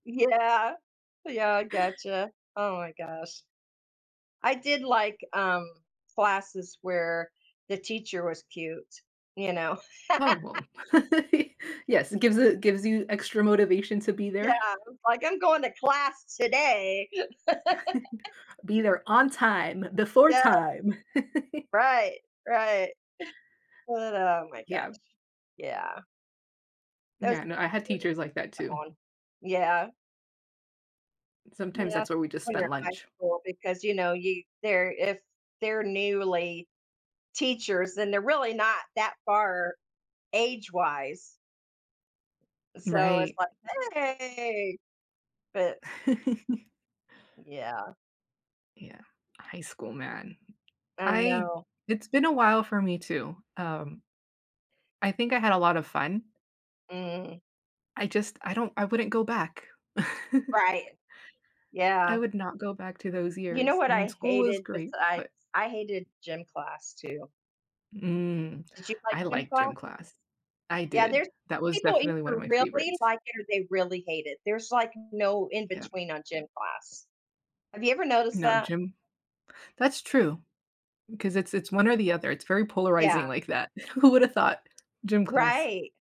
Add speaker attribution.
Speaker 1: Yeah, yeah, I gotcha, oh my gosh, I did, like, um, classes where the teacher was cute, you know.
Speaker 2: Oh well, yes, it gives a gives you extra motivation to be
Speaker 1: Yeah,
Speaker 2: there.
Speaker 1: I was like I'm going to class today.
Speaker 2: Be there on time before
Speaker 1: Yeah.
Speaker 2: time.
Speaker 1: Right right, but, oh my gosh,
Speaker 2: Yeah.
Speaker 1: yeah. That
Speaker 2: Yeah,
Speaker 1: the
Speaker 2: no, I had
Speaker 1: [unintelligible]
Speaker 2: teachers like that
Speaker 1: yeah,
Speaker 2: too.
Speaker 1: on yeah.
Speaker 2: Sometimes
Speaker 1: Yeah, s
Speaker 2: that's where we just
Speaker 1: when you're
Speaker 2: spent
Speaker 1: in high
Speaker 2: lunch.
Speaker 1: school, because, you know, you they're if they're newly teachers, then they're really not that far age wise so it's
Speaker 2: Right.
Speaker 1: like, "Hey!" but Yeah.
Speaker 2: Yeah, high school, man,
Speaker 1: I
Speaker 2: I
Speaker 1: know.
Speaker 2: it's been a while for me too, um, I think I had a lot of fun
Speaker 1: Mm.
Speaker 2: I just, I don't I wouldn't go back.
Speaker 1: Right,
Speaker 2: I
Speaker 1: yeah.
Speaker 2: would not go back to those
Speaker 1: You know
Speaker 2: years,
Speaker 1: what
Speaker 2: I mean,
Speaker 1: I
Speaker 2: school was
Speaker 1: hated
Speaker 2: great,
Speaker 1: besides
Speaker 2: but
Speaker 1: I hated gym class too.
Speaker 2: Mm,
Speaker 1: Did you like
Speaker 2: I
Speaker 1: gym
Speaker 2: like
Speaker 1: class?
Speaker 2: gym class, I
Speaker 1: Yeah,
Speaker 2: did,
Speaker 1: there's
Speaker 2: that was
Speaker 1: people
Speaker 2: definitely 1
Speaker 1: either
Speaker 2: of my
Speaker 1: really
Speaker 2: favorites.
Speaker 1: like it, or they really hate it. There's, like, no in
Speaker 2: Yeah.
Speaker 1: between on gym class. Have you ever noticed
Speaker 2: No
Speaker 1: that?
Speaker 2: gym that's true, 'cause it's it's 1 or the other, it's very polarizing
Speaker 1: Yeah.
Speaker 2: like that, w who woulda thought gym class
Speaker 1: Right.